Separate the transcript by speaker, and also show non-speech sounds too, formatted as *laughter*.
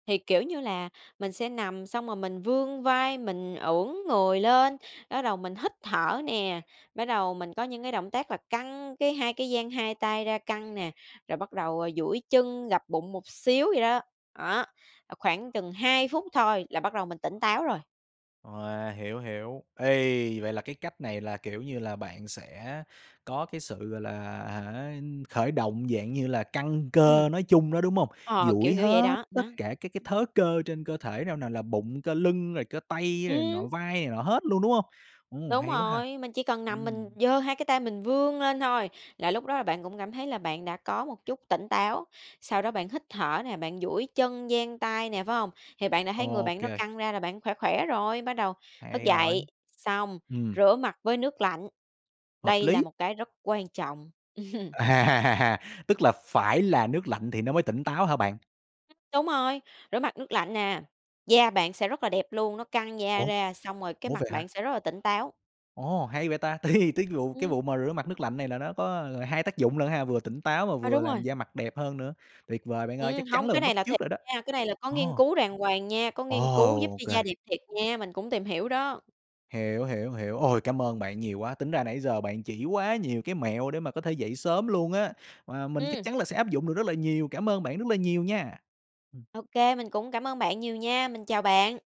Speaker 1: Thì, kiểu như là, mình sẽ nằm xong rồi mình vươn vai, mình ưỡn người lên, bắt đầu mình hít thở nè, bắt đầu mình có những cái động tác là căng cái hai cái dang 2 tay ra căng nè, rồi bắt đầu, ờ, duỗi chân, gập bụng một xíu vậy đó. Đó, à, khoảng chừng 2 phút thôi là bắt đầu mình tỉnh táo rồi.
Speaker 2: Wow, hiểu, hiểu. Ê, vậy là cái cách này là, kiểu như là, bạn sẽ có cái sự, gọi là, hả, khởi động dạng như là căng
Speaker 1: Ừm.
Speaker 2: cơ nói chung đó, đúng hông?
Speaker 1: Ờ,
Speaker 2: Duỗi
Speaker 1: kiểu kiểu vậy
Speaker 2: hết
Speaker 1: đó, đó.
Speaker 2: tất cả các cái thớ cơ trên cơ thể nào nào là bụng, cơ lưng, rồi cơ tay rồi này nọ,
Speaker 1: Ừm.
Speaker 2: vai này nọ hết luôn, đúng hông? Ồ,
Speaker 1: Đúng
Speaker 2: hay quá ha.
Speaker 1: rồi, mình chỉ cần nằm mình
Speaker 2: Ừm.
Speaker 1: giơ 2 cái tay mình vươn lên thôi, là lúc đó là bạn cũng cảm thấy là bạn đã có một chút tỉnh táo. Sau đó bạn hít thở nè, bạn duỗi chân, dang tay nè, phải hông? Thì bạn đã thấy người
Speaker 2: Ô
Speaker 1: bạn nó
Speaker 2: kê.
Speaker 1: căng ra là bạn khỏe khỏe rồi. Bắt đầu thức
Speaker 2: Hay
Speaker 1: dậy,
Speaker 2: rồi.
Speaker 1: xong
Speaker 2: Ừm.
Speaker 1: rửa mặt với nước lạnh,
Speaker 2: Hợp
Speaker 1: đây là
Speaker 2: lý.
Speaker 1: một cái rất quan trọng. *chuckles*
Speaker 2: À! Tức là phải là nước lạnh thì nó mới tỉnh táo hả bạn?
Speaker 1: Đúng rồi, rửa mặt nước lạnh nè, da bạn sẽ rất là đẹp luôn, nó căng da
Speaker 2: Ủa?
Speaker 1: ra, xong rồi cái
Speaker 2: Ủa,
Speaker 1: mặt
Speaker 2: vậy
Speaker 1: bạn
Speaker 2: hả?
Speaker 1: sẽ rất là tỉnh táo.
Speaker 2: Ồ, hay vậy ta! Thì tiết gụ cái
Speaker 1: Ừm.
Speaker 2: vụ mà rửa mặt nước lạnh này là nó có, ờ, hai tác dụng lận ha, vừa tỉnh táo mà
Speaker 1: À,
Speaker 2: vừa
Speaker 1: đúng
Speaker 2: làm
Speaker 1: rồi.
Speaker 2: da mặt đẹp hơn nữa. Tuyệt vời bạn ơi,
Speaker 1: Ừm,
Speaker 2: chắc chắn
Speaker 1: hông,
Speaker 2: là
Speaker 1: cái
Speaker 2: mình
Speaker 1: này
Speaker 2: bắt
Speaker 1: là
Speaker 2: chước
Speaker 1: thiệt
Speaker 2: rồi đó.
Speaker 1: nha, cái này là có nghiên
Speaker 2: Ồ.
Speaker 1: cứu đàng hoàng nha, có
Speaker 2: Ồ,
Speaker 1: nghiên cứu giúp
Speaker 2: ô
Speaker 1: cho
Speaker 2: kê.
Speaker 1: da đẹp thiệt nha, mình cũng tìm hiểu đó.
Speaker 2: Hiểu, hiểu, hiểu. Ôi, cảm ơn bạn nhiều quá, tính ra nãy giờ bạn chỉ quá nhiều cái mẹo để mà có thể dậy sớm luôn á, mà mình chắc
Speaker 1: Ừm.
Speaker 2: chắn là sẽ áp dụng được rất là nhiều. Cảm ơn bạn rất là nhiều nha. Ừm.
Speaker 1: Ô kê, mình cũng cảm ơn bạn nhiều nha, mình chào bạn.